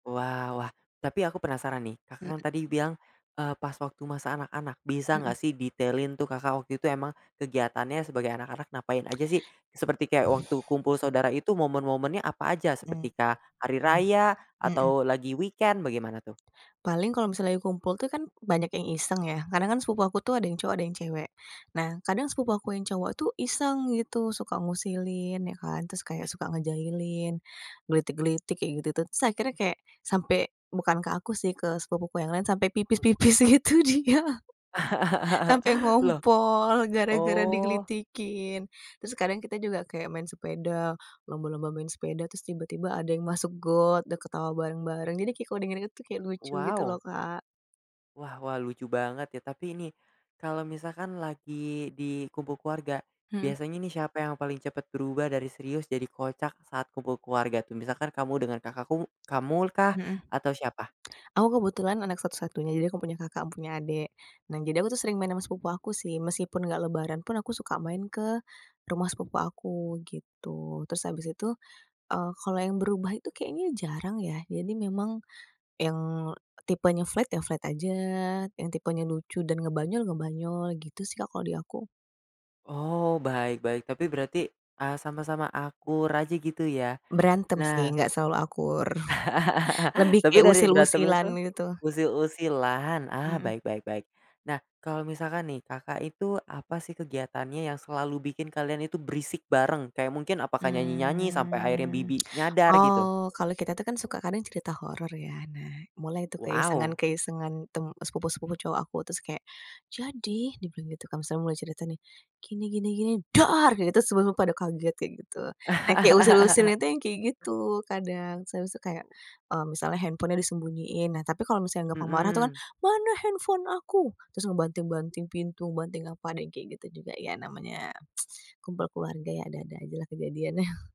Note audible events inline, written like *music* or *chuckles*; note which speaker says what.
Speaker 1: Wah wah, tapi aku penasaran nih, Kakak, kan
Speaker 2: Mhm.
Speaker 1: tadi bilang, eee, pas waktu masa anak-anak bisa
Speaker 2: Mhm.
Speaker 1: enggak sih detailin tuh, Kakak, waktu itu emang kegiatannya sebagai anak-anak ngapain aja sih? Seperti kayak waktu kumpul saudara itu momen-momennya apa aja
Speaker 2: Mhm,
Speaker 1: seperti kah, hari
Speaker 2: mmm,
Speaker 1: Raya
Speaker 2: mhm.
Speaker 1: atau lagi weekend bagaimana tuh?
Speaker 2: Paling kalau misalnya kumpul tuh kan banyak yang iseng ya kadang kan sepupu aku tuh ada yang cowok ada yang cewek. Nah, kadang sepupu aku yang cowok tuh iseng gitu suka ngusilin ya kan terus kayak suka ngejailin, gelitik-gelitik, kayak gitu tuh terus akhirnya kayak sampai bukan ke aku sih ke sepupuku yang lain sampai pipis-pipis gitu dia, sampai
Speaker 1: *laughs* Loh.
Speaker 2: ngompol gara-gara
Speaker 1: Oh.
Speaker 2: digelitikin, terus kadang kita juga kayak main sepeda, lomba-lomba main sepeda terus tiba-tiba ada yang masuk got udah ketawa bareng-bareng jadi kayak kalo di inget-inget itu kayak lucu gitu loh,
Speaker 1: Wow.
Speaker 2: Kak.
Speaker 1: Wah wah, lucu banget ya tapi ini, kalau misalkan lagi di kumpul keluarga,
Speaker 2: Mhm.
Speaker 1: biasanya nih siapa yang paling cepat berubah dari serius jadi kocak saat kumpul keluarga tuh? Misalkan kamu dengan kakak ku kamu kah
Speaker 2: Mhm.
Speaker 1: atau siapa?
Speaker 2: Aku kebetulan anak satu-satunya jadi ga punya kakak, gak punya adik. Nah, jadi aku sering main sama sepupu aku sih meskipun gak Lebaran pun aku suka main ke, rumah sepupu aku gitu, terus habis itu, eee, kalau yang berubah itu kayaknya jarang ya jadi memang, yang tipenya flat ya, flat aja yang tipenya lucu dan ngebanyol-ngebanyol gitu sih, Kak, kalau di aku.
Speaker 1: Oh, baik baik, tapi berarti, eee, sama-sama akur aja gitu ya?
Speaker 2: Berantem sih
Speaker 1: Nah.
Speaker 2: gak selalu akur, *chuckles*
Speaker 1: *laughs*
Speaker 2: lebih
Speaker 1: Tapi
Speaker 2: kayak
Speaker 1: dari berantem
Speaker 2: usil-usilan
Speaker 1: itu
Speaker 2: gitu.
Speaker 1: usil-usilan, ah,
Speaker 2: Mhm.
Speaker 1: baik baik baik. Nah, kalau misalkan nih, Kakak, itu apa sih kegiatannya yang selalu bikin kalian itu berisik bareng, kayak mungkin apakah nyanyi-nyanyi sampai akhirnya
Speaker 2: Mmm,
Speaker 1: bibi
Speaker 2: *tsk*
Speaker 1: nyadar gitu?
Speaker 2: oh kalau kita tuh kan suka karena cerita horor ya. Nah, mulai itu
Speaker 1: Waw.
Speaker 2: keisengan-keisengan tem sepupu-sepupu cowok aku terus kayak jadi dibilang gitu kan misalnya mulai cerita nih, gini gini gini dar gitu semua pada kaget kayak gitu, yang kayak usil-usilnya
Speaker 1: *laughs*
Speaker 2: itu yang kayak gitu kadang, terus tuh kayak, mmm, misalnya handphonenya disembunyiin. Nah, tapi kalau misalnya gampang marah tuh kan,
Speaker 1: Mhm.
Speaker 2: "Mana handphone aku?" Terus ngebanting-banting pintu banting apa deh kayak gitu juga ya namanya *tsk* kumpul keluarga ya ada-ada aja lah kejadiannya. *chuckles*